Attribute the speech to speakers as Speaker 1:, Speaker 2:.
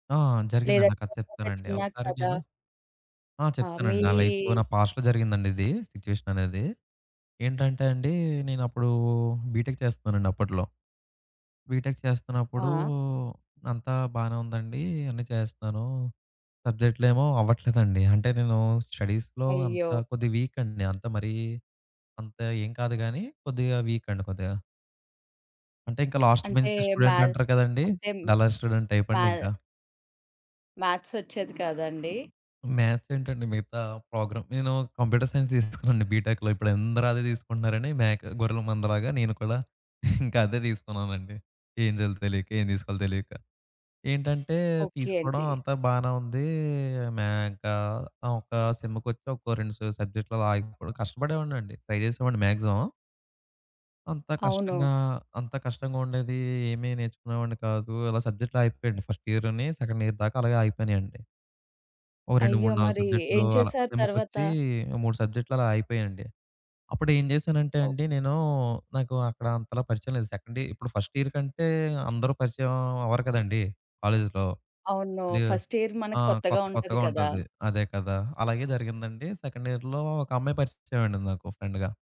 Speaker 1: ఆ! జరిగిందండి. ఆ
Speaker 2: లేదంటే
Speaker 1: కథ
Speaker 2: ఒక్కొక్క
Speaker 1: చెప్తానండి.
Speaker 2: చిన్న
Speaker 1: ఒకసారి
Speaker 2: కథ.
Speaker 1: నేను ఆ!
Speaker 2: ఆ! మీ
Speaker 1: చెప్తానండి. నా లైఫ్‌లో నా పాస్ట్‌లో జరిగిందండి ఇది సిట్యుయేషననేది. ఏంటంటే అండి, నేనప్పుడు బీటెక్ చేస్తున్నానండి అప్పట్లో. బీటెక్ చేస్తున్నప్పుడూ,
Speaker 2: ఆ!
Speaker 1: అంతా బానే ఉందండి, అన్ని చేస్తున్నాను. సబ్జెక్ట్‌లేమో అవ్వట్లేదండి. అంటే నేను స్టడీస్‌లో
Speaker 2: అయ్యో!
Speaker 1: అంతా కొద్దిగా వీక్ అండి. అంత మరీ అంతా ఏం కాదు గాని, కొద్దిగా వీక్ అండి కొద్దిగా. అంటే ఇంకా లాస్ట్
Speaker 2: అంటే
Speaker 1: బెంచ్ స్టూడెంట్
Speaker 2: మ్యాథ్
Speaker 1: అంటారు కదండీ!
Speaker 2: అంటే హ్మ్,
Speaker 1: డల్లర్ స్టూడెంట్ టైప్
Speaker 2: మ్యా
Speaker 1: అండి ఇంకా.
Speaker 2: మ్యాథ్సొచ్చేది కాద అండి?
Speaker 1: మ్యాథ్స్ ఏంటండి, మిగతా ప్రోగ్రామ్ నేను కంప్యూటర్ సైన్స్ తీసుకున్నానండి బీటెక్‌లో. ఇప్పుడు అందరూ అదే తీసుకుంటున్నారని మేక్ గొర్రెల మంద లాగా, నేను కూడా ఇంకా అదే తీసుకున్నానండి. ఏం జేయాలో తెలియక, ఏం తీసుకోవాలో తెలియక. ఏంటంటే,
Speaker 2: ఓకే
Speaker 1: తీసుకోవడం
Speaker 2: అండి.
Speaker 1: అంతా బానే ఉంది. మేక ఆ! ఒక సెమ్ముకొచ్చి ఒక 2 స సబ్జెక్ట్‌లు ఆగిపోడ కష్టపడేవాడిని అండి. ట్రై చేసేవాడిని మాక్సిమమం. అంత
Speaker 2: అవును.
Speaker 1: కష్టంగా, అంత కష్టంగా ఉండేది. ఏమి నేర్చుకునేవాడిని కాదు. అలా సబ్జెక్ట్‌లాగిపోయాయండి ఫస్ట్ ఇయరుని సెకండ్ ఇయర్ దాకా అలాగే ఆగిపోయినాయండి. ఓహ్! రెండు
Speaker 2: అయ్యో!
Speaker 1: మూడు నాలుగు
Speaker 2: మరి
Speaker 1: సబ్జెక్ట్‌లు
Speaker 2: ఏం
Speaker 1: అలా.
Speaker 2: చేశారు తర్వాత?
Speaker 1: సెమ్ముకొచ్చి 3 సబ్జెక్ట్‌లు అలా అయిపోయాయండి. అప్పుడు ఏం చేశానంటే
Speaker 2: ఒప్
Speaker 1: అండి నేను, నాకు అక్కడ అంతలా పరిచయం లేదు సెకండ్ ఇ- ఇప్పుడు ఫస్ట్ ఇయర్ కంటే అందరూ పరిచయం అవ్వరు కదండీ! కాలేజీలో.
Speaker 2: అవును.
Speaker 1: కొద్దిగా
Speaker 2: ఫస్ట్ ఇయర్ మనకి
Speaker 1: ఆహ్,
Speaker 2: కొత్తగా
Speaker 1: కొత్త
Speaker 2: ఉంటది
Speaker 1: కొత్తగా
Speaker 2: కదా!
Speaker 1: ఉంటది. అదే కదా! అలాగే జరిగిందండి. సెకండ్ ఇయర్‌లో ఒక అమ్మాయి పరిచయమయిందండి నాకు ఫ్రెండ్‌గా.